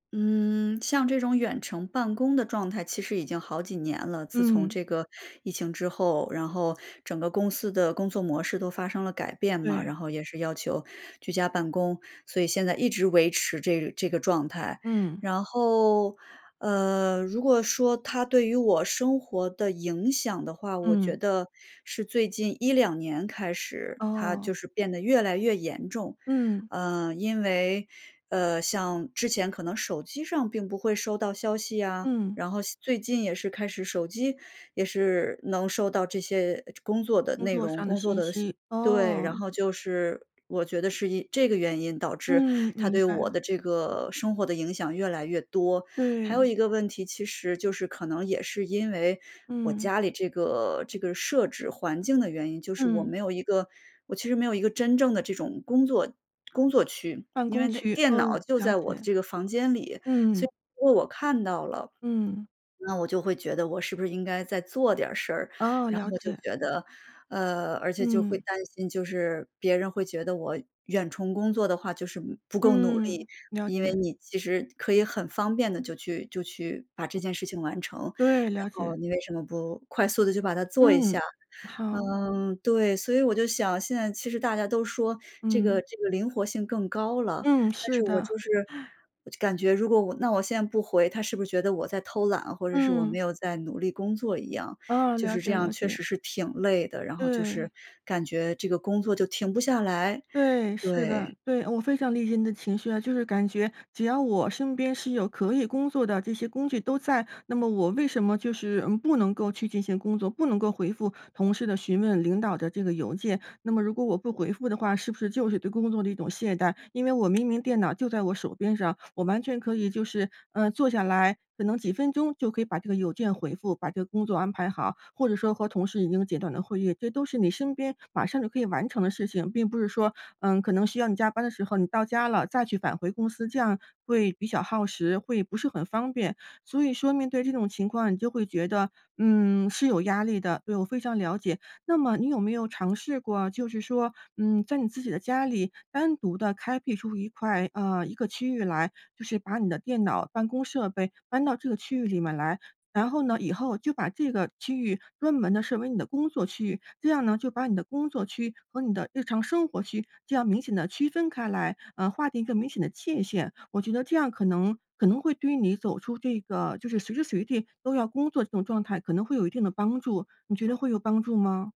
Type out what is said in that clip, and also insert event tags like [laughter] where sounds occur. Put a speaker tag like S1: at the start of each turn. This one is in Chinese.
S1: 嗯，像这种远程办公的状态其实已经好几年了，自从
S2: 嗯。
S1: 这个疫情之后，然后整个公司的工作模式都发生了改变嘛，
S2: 对。
S1: 然后也是要求居家办公，所以现在一直维持这这个状态。
S2: 嗯。
S1: 然后，呃，如果说它对于我生活的影响的话，我觉
S2: 嗯。
S1: 得是最近1-2年开始它
S2: 哦。
S1: 就是变得越来越严重。
S2: 嗯。
S1: 呃，因为，呃，像之前可能手机上并不会收到消息呀，
S2: 嗯。
S1: 然后现最近也是开始手机也是能收到这些，呃，工作的
S2: 工
S1: 内
S2: 作
S1: 容、
S2: 上的
S1: 工作
S2: 信
S1: 的事
S2: 息。
S1: 对，然
S2: 哦。
S1: 后就是，我觉得是因这个原因导致
S2: 嗯，
S1: 它
S2: 明
S1: 对我
S2: 白。
S1: 的这个生活的影响越来越多。还有
S2: 对。
S1: 一个问题，其实就是可能也是因为我
S2: 嗯。
S1: 家里这个这个设置环境的原因，就是我
S2: 嗯。
S1: 没有一个我其实没有一个真正的这种工作工作区。
S2: 办
S1: 因
S2: 公
S1: 为它
S2: 区。
S1: 电脑
S2: 哦，
S1: 就
S2: 了
S1: 在我的
S2: 解。
S1: 这个房间里，所以
S2: 嗯。
S1: 如果我看到了，
S2: 嗯。
S1: [swallows] 那我就会觉得我是不是应该再做点儿事儿，
S2: 哦，
S1: 然
S2: 了
S1: 后就
S2: 解。
S1: 觉得呃，而且就会
S2: 嗯。
S1: 担心，就是别人会觉得我远程工作的话就是不够努力。
S2: 嗯，了
S1: 因为
S2: 解。
S1: 你其实可以很方便地就去就去把这件事情完成，然
S2: 对，了解。
S1: 后你为什么不快速地就把它做一
S2: 嗯，
S1: 下？
S2: 好。
S1: 嗯，对，所以我就想现在其实大家都说这个
S2: 嗯。
S1: 这个灵活性更高了，
S2: 嗯，
S1: 但是
S2: 是
S1: 我
S2: 的。
S1: 就是
S2: [laughs]
S1: 我就感觉如果我那我现在不回，他是不是觉得我在偷懒，或者是我没
S2: 嗯。
S1: 有在努力工作一样。
S2: 哦，
S1: 就
S2: 了
S1: 是这
S2: 解，
S1: 样
S2: 了
S1: 确
S2: 解。
S1: 实是挺累的，然后就是
S2: 对。
S1: 感觉这个工作就停不下来，
S2: 对，是
S1: 对。
S2: 的，对。我非常理解你的情绪啊，就是感觉只要我身边是有可以工作的这些工具都在，那么我为什么就是，嗯，不能够去进行工作，不能够回复同事的询问、领导的这个邮件？那么如果我不回复的话，是不是就是对工作的一种懈怠？因为我明明电脑就在我手边上，我完全可以就是，呃，坐下来，可能几分钟就可以把这个邮件回复，把这个工作安排好，或者说和同事已经简短的会议，这都是你身边马上就可以完成的事情，并不是说，呃，可能需要你加班的时候你到家了再去返回公司，这样会比较耗时，会不是很方便。所以说面对这种情况，你就会觉得，嗯，是有压力的，对，我非常了解。那么你有没有尝试过，就是说，嗯，在你自己的家里单独地开辟出一块呃，一个区域来，就是把你的电脑、办公设备搬到这个区域里面来，然后呢，以后就把这个区域专门地设为你的工作区域。这样呢，就把你的工作区和你的日常生活区这样明显地区分开来，呃，划定一个明显的界限。我觉得这样可能可能会对于你走出这个就是随时随地都要工作这种状态可能会有一定的帮助，你觉得会有帮助吗？